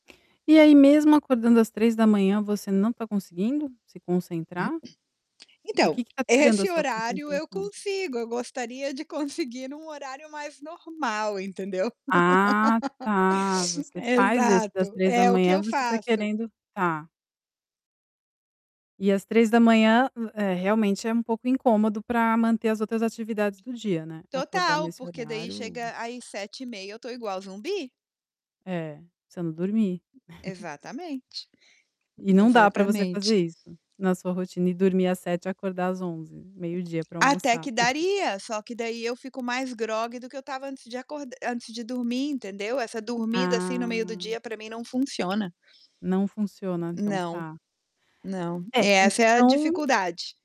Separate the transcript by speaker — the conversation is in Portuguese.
Speaker 1: E aí mesmo acordando às 03:00, você não tá conseguindo se concentrar? O
Speaker 2: Então,
Speaker 1: que que tá tirando a
Speaker 2: esse
Speaker 1: sua
Speaker 2: horário eu
Speaker 1: concentração?
Speaker 2: consigo, eu gostaria de conseguir num horário mais normal, entendeu
Speaker 1: Ah, tá! Você faz esse das
Speaker 2: Exato,
Speaker 1: três da
Speaker 2: é o que
Speaker 1: manhã,
Speaker 2: eu
Speaker 1: você tá
Speaker 2: faço.
Speaker 1: querendo tá. E às 03:00, eh, realmente é um pouco incômodo, pra manter as outras atividades do dia, né. Acordar
Speaker 2: Total,
Speaker 1: nesse
Speaker 2: porque daí
Speaker 1: horário
Speaker 2: chega aí 7:30, eu tô igual zumbi.
Speaker 1: É, você não dormir.
Speaker 2: Exatamente,
Speaker 1: E não dá pra você
Speaker 2: exatamente.
Speaker 1: fazer isso na sua rotina, e dormir às 07:00 e acordar às 11:00, meio dia pra
Speaker 2: Até
Speaker 1: almoçar.
Speaker 2: que daria, só que daí, eu fico mais grogue do que eu tava antes de acor antes de dormir, entendeu? Essa dormida, assim, no meio do
Speaker 1: Ah.
Speaker 2: dia, pra mim não funciona.
Speaker 1: Não funciona então,
Speaker 2: Não,
Speaker 1: tá.
Speaker 2: não,
Speaker 1: É,
Speaker 2: essa é a
Speaker 1: então
Speaker 2: dificuldade.